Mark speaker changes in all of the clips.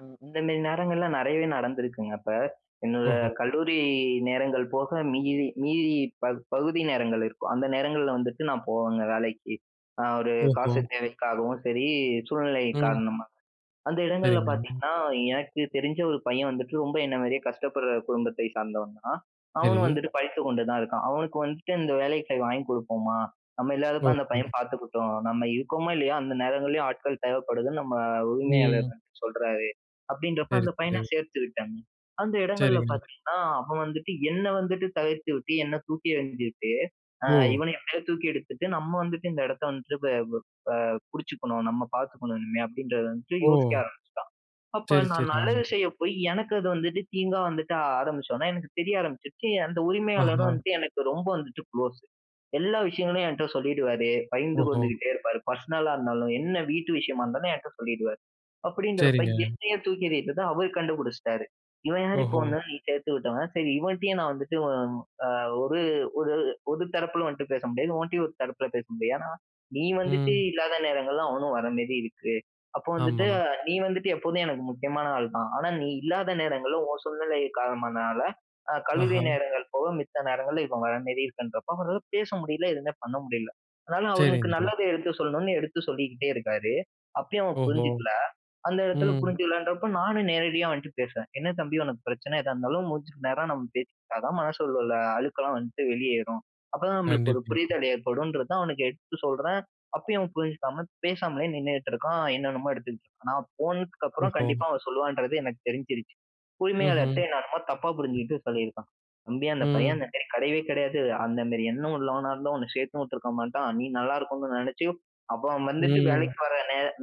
Speaker 1: ம். இந்த மேரி நேரங்கள்லாம் நிறையவே நடந்திருக்குங்க அப்ப. என்னோட
Speaker 2: ஓஹோ!
Speaker 1: கல்லூரி நேரங்கள் போக மீதி மீதி ப பகுதி நேரங்கள் இருக்கும். அந்த நேரங்கள்ல வந்துட்டு நான் போவேங்க வேலைக்கு. நான் ஒரு காசு
Speaker 2: ஓஹோ!
Speaker 1: தேவைக்காகவும் சரி சூழ்நிலை
Speaker 2: ம்.
Speaker 1: காரணமா. அந்த இடங்கள்ல
Speaker 2: சரிங்க.
Speaker 1: பாத்தீங்கன்னா, எனக்கு தெரிஞ்ச ஒரு பையன் வந்துட்டு ரொம்ப என்ன மாரியே கஷ்டப்படுற குடும்பத்தை சார்ந்தவன் தான். அவனும்
Speaker 2: சரி.
Speaker 1: வந்துட்டு படித்து கொண்டு தான் இருக்கான். அவனுக்கு வந்துட்டு "இந்த வேலைக்கு போய் வாங்கி கொடுப்போமா நம்ம இல்லாதப்ப அந்த பையன்
Speaker 2: ஓஹோ!
Speaker 1: பார்த்துக்கிட்டும். நம்ம இருக்கோமோ, இல்லையோ அந்த நேரங்களிலேயும் ஆட்கள் தேவைப்படுதுன்னு நம்ம உரிமையாளர்
Speaker 2: ம்.
Speaker 1: சொல்றாரு." அப்படின்றப்ப
Speaker 2: சரி,
Speaker 1: அந்த பையனை
Speaker 2: சரி.
Speaker 1: சேர்த்துக்கிட்டாங்க. அந்த இடங்கள்ல
Speaker 2: சரிங்க.
Speaker 1: பாத்தீங்கனா அவன் வந்துட்டு என்ன வந்துட்டு தவிர்த்துட்டு என்னை தூக்கி எறிஞ்சுட்டு அ
Speaker 2: ஓ!
Speaker 1: "இவனை எப்போ தூக்கி எடுத்துட்டு நம்ம வந்துட்டு இந்த இடத்தை வந்துட்டு பிடிச்சுக்கணும். நம்ம பார்த்துக்கணும் இனிமே," அப்படின்றதை வந்து யோசிக்க
Speaker 2: ஓ!
Speaker 1: ஆரம்பிச்சுட்டான். அப்போ
Speaker 2: சரி,
Speaker 1: நான் நல்லது
Speaker 2: சரிங்க.
Speaker 1: செய்ய போய் எனக்கு அது வந்துவிட்டு தீங்கா வந்துட்டு ஆரம்பிச்சோனே எனக்கு தெரிய ஆரம்பிச்சுருச்சு, அந்த உரிமையாளரும்
Speaker 2: ஆஹா!
Speaker 1: வந்துட்டு எனக்கு ரொம்ப வந்துட்டு குளோஸ். எல்லா விஷயங்களையும் என்கிட்ட சொல்லிடுவாரு, பகிர்ந்து
Speaker 2: ஓஹோ!
Speaker 1: கொண்டுகிட்டே இருப்பார் பர்ஸ்னலா இருந்தாலும் என்ன வீட்டு விஷயமா இருந்தாலும் என்கிட்ட சொல்லிடுவாரு, அப்படிங்கிறப்ப,
Speaker 2: சரிங்க.
Speaker 1: என்னையே தூக்கி எறிட்டத அவர் கண்டுபிடிச்சிட்டாரு. இவன் யாரு இப்போ
Speaker 2: ஓஹோ!
Speaker 1: வந்தாலும் நீ சேர்த்து விட்டவன் சரி, இவன்ட்டயும் நான் வந்துட்டு ஒரு ஒரு ஒரு தரப்பில வந்துட்டு பேச முடியாது. உன்ட்டேயும் ஒரு தரப்பில பேச முடியாது. ஏன்னா நீ வந்துட்டு
Speaker 2: ம்.
Speaker 1: இல்லாத நேரங்கள்ல அவனும் வர மாரி இருக்கு. அப்போ வந்துட்டு
Speaker 2: ஆமா.
Speaker 1: நீ வந்துட்டு எப்போமே எனக்கு முக்கியமான ஆள் தான். ஆனா நீ இல்லாத நேரங்கள்ல உன் சூழ்நிலை காலமானதனால அ கல்லூரி
Speaker 2: ஆஹா!
Speaker 1: நேரங்கள் போக மித்த நேரங்கள்ல இவன் வர மாரி இருக்குன்றப்போ, அவ பேச முடியல எதுவுமே பண்ண முடியல. அதனால அவனுக்கு
Speaker 2: சரிங்க.
Speaker 1: நல்லதை எடுத்து சொல்லணும்ன்னு எடுத்து சொல்லிக்கிட்டே இருக்காரு. அப்பயும் அவன்
Speaker 2: ஓஹோ!
Speaker 1: புரிஞ்சுக்கல. அந்த இடத்துல
Speaker 2: ம்.
Speaker 1: புரிஞ்சுக்கலன்றப்போ நானும் நேரடியா அவன்ட்ட பேசுவேன். "என்ன தம்பி உனக்கு பிரச்சனை எதா இருந்தாலும் மூஞ்சிக்கு நேரா நம்ம பேசிக்கிட்டா தான் மனசுல அழுக்கெல்லாம் வந்துட்டு வெளியேறும். அப்போதான் நம்மளுக்கு ஒரு
Speaker 2: கண்டிப்பா.
Speaker 1: புரிதல் ஏற்படும்ன்றது." தான் அவனுக்கு எடுத்து சொல்றேன். அப்பயும் அவன் புரிஞ்சுக்காம பேசாமலே நின்னுட்டு இருக்கான். என்னென்னமோ எடுத்துட்டு இருக்கான். நான் போனதுக்கு அப்புறம்
Speaker 2: ஓஹோ!
Speaker 1: கண்டிப்பா அவன் சொல்லுவான்றது எனக்கு தெரிஞ்சிடுச்சு.
Speaker 2: ம்ஹ்ம்.
Speaker 1: உரிமையாளர்ட்ட என்ன என்னமோ தப்பா புரிஞ்சுகிட்டு சொல்லியிருக்கான். "தம்பி அந்த பையன்
Speaker 2: ம்.
Speaker 1: அந்த கிடையவே கிடையாது. அந்த மாரி எண்ணம் உள்ளவனா இருந்தா உன்னை சேர்த்து உட்டுருக்க மாட்டான். நீ நல்லா இருக்கணும்னு நினைச்சு அப்ப அவன் வந்துட்டு
Speaker 2: ம்.
Speaker 1: வேலைக்கு போற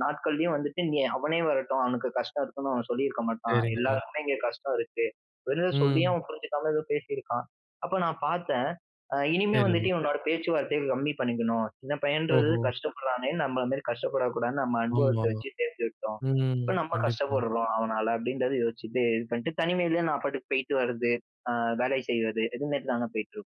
Speaker 1: நாட்கள்லயும் வந்துட்டு நீ அவனே வரட்டும் அவனுக்கு கஷ்டம் இருக்குன்னு அவன் சொல்லியிருக்க மாட்டான்."
Speaker 2: சரிங்க.
Speaker 1: எல்லாருக்குமே இங்கே கஷ்டம் இருக்கு. வெறும் சொல்லியே
Speaker 2: ம்.
Speaker 1: அவன் புரிஞ்சுக்காம ஏதோ பேசியிருக்கான். அப்போ நான் பாத்தேன் அ இனிமே வந்துட்டு
Speaker 2: சரிங்க.
Speaker 1: இவனோட பேச்சுவார்த்தைய கம்மி பண்ணிக்கணும். சின்ன பையன்ன்றது
Speaker 2: ஓஹோ!
Speaker 1: கஷ்டப்படுறானே நம்மள மாரி கஷ்டப்படக்கூடாதுன்னு நம்ம அனுபவத்த
Speaker 2: ஆமா,
Speaker 1: வச்சு சேர்த்து விட்டோம்.
Speaker 2: ம்
Speaker 1: இப்போ நம்ம
Speaker 2: கண்டிப்பா.
Speaker 1: கஷ்டப்படுறோம் அவனால அப்படின்றத யோசிச்சிட்டு இது பண்ணிட்டு தனிமையிலயே நான் பாட்டுக்கு போய்ட்டு வரது. அ வேலை செய்றது இது மாரி தானே போய்ட்டு இருக்கோம்.